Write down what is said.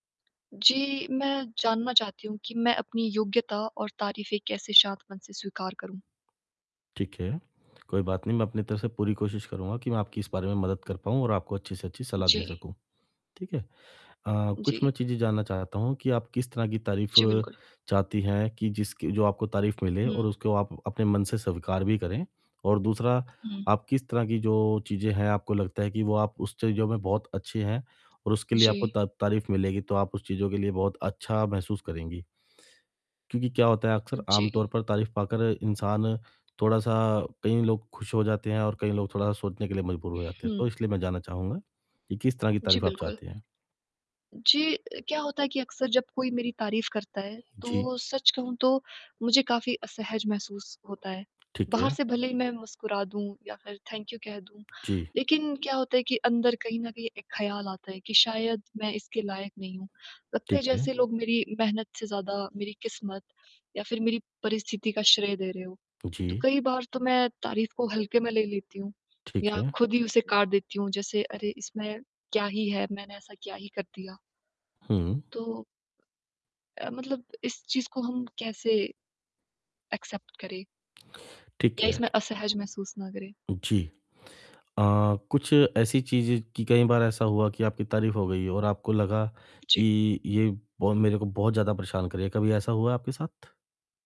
जी, मैं जानना चाहती हूँ कि मैं अपनी योग्यता और तारीफ़ें कैसे शांत मन से स्वीकार करूँ? ठीक है। कोई बात नहीं मैं अपनी तरफ़ से पूरी कोशिश करूँगा कि मैं आपकी इस बारे में मदद कर पाऊँ और आपको अच्छी से अच्छी सलाह दे जी। सकूँ। ठीक है? अ, कुछ मैं जी। चीज़ें जानना चाहता हूँ, कि आप किस तरह की तारीफ़ जी, बिल्कुल। चाहती हैं, कि जिसकी जो आपको तारीफ़ मिले और हुँ। उसको आप अपने मन से स्वीकार भी करें। और दूसरा, हुँ। आप किस तरह की जो चीज़ें हैं, आपको लगता है कि वो आप उस चीज़ों में बहुत अच्छे हैं। और उसके लिए आपको जी। ता तारीफ़ मिलेगी, तो आप उस चीज़ों के लिए बहुत अच्छा महसूस करेंगी। क्योंकि क्या होता है, अक्सर आमतौर जी। पर तारीफ़ पाकर इंसान थोड़ा-सा कई लोग खुश हो जाते हैं और कई लोग थोड़ा-सा सोचने के लिए मजबूर हो जाते हैं। तो हुँ। इसलिए मैं जानना चाहूँगा, कि किस तरह की जी, तारीफ़ आप बिल्कुल। चाहते हैं? जी अ, क्या होता है कि अक्सर जब कोई मेरी तारीफ़ करता है, जी। तो सच कहूँ तो मुझे काफ़ी असहज महसूस होता है। ठीक बाहर है। से भले ही मैं मुस्कुरा दूँ या फिर थैंक यू कह दूँ। जी। लेकिन क्या होता है कि अंदर कहीं न कहीं एक ख़्याल आता है, कि शायद मैं इसके लायक नहीं हूँ। लगता है, ठीक है। जैसे लोग मेरी मेहनत से ज़्यादा मेरी किस्मत या फिर मेरी परिस्थिति का श्रेय दे रहे हो। तो जी। कई बार तो मैं तारीफ़ को हल्के में ले लेती हूँ ठीक या है। खुद ही उसे काट देती हूँ। जैसे अरे! इसमें क्या ही है, मैंने ऐसा क्या ही कर दिया। हुँ। तो अ, मतलब इस चीज़ को हम कैसे, एक्सेप्ट करें? ठीक या है। इसमें असहज महसूस ना करें? जी। अ, कुछ ऐसी चीज़ें, की कई बार ऐसा हुआ हो, कि आपकी तारीफ़ हो गई हो और आपको लगा, जी। कि ये बहुत मेरे को, बहुत ज़्यादा परेशान कर रही है। कभी ऐसा हुआ है, आपके साथ?